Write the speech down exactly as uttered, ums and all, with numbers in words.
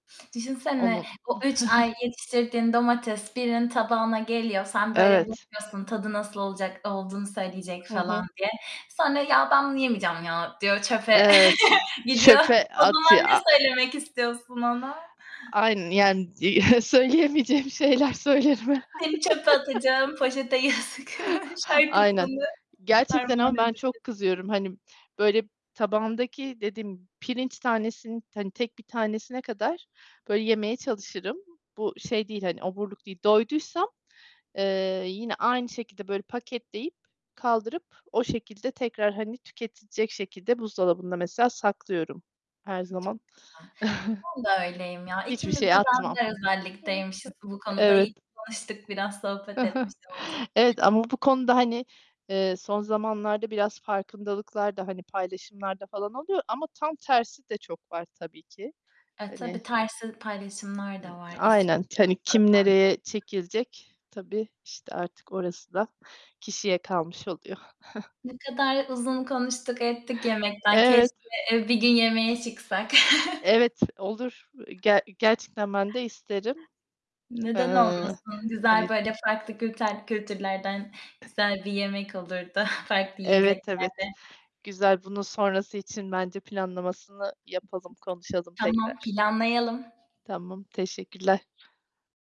Düşünsene, Onun o üç ay yetiştirdiğin domates birinin tabağına geliyor. Sen böyle Evet. bakıyorsun tadı nasıl olacak olduğunu söyleyecek Hı falan hı. diye. Sonra "Ya, ben bunu yemeyeceğim ya" diyor çöpe Evet, gidiyor. çöpe O zaman atıyor, ne a söylemek istiyorsun ona? Aynen yani söyleyemeyeceğim şeyler söylerim herhâlde. Seni çöpe atacağım, poşete yazık Aynen. şarkısını Gerçekten armağan ama ben edebilirsin. çok kızıyorum hani böyle tabağımdaki dediğim pirinç tanesinin hani tek bir tanesine kadar böyle yemeye çalışırım. Bu şey değil hani oburluk değil. Doyduysam, eee, yine aynı şekilde böyle paketleyip, kaldırıp o şekilde tekrar hani tüketilecek şekilde buzdolabında mesela saklıyorum her Imm, çok zaman. güzel. Ben de öyleyim ya. Hiçbir İkimiz şey de atmam. benzer Hı hı. özellikteymişiz bu konuda. İyi Evet. ki tanıştık biraz sohbet etmiş olduk. Evet ama bu konuda hani, ııı, son zamanlarda biraz farkındalıklar da hani paylaşımlar da falan oluyor ama tam tersi de çok var tabii ki. E, Hani tabii tersi paylaşımlar Imm, da var. aynen. Hani kim nereye [unintelligible] çekilecek... Tabii işte artık orası da kişiye kalmış oluyor. Ne kadar uzun konuştuk ettik yemekten. Evet. Keşke, eee, bir gün yemeğe çıksak. Evet, olur. Ger gerçekten ben de isterim. Neden Iıı, olmasın? Güzel, hani böyle farklı külter kültürlerden güzel bir yemek olurdu, farklı Evet, evet, yiyeceklerle. güzel. Bunun sonrası için bence planlamasını yapalım, konuşalım Tamam, tekrar. planlayalım. Tamam, teşekkürler.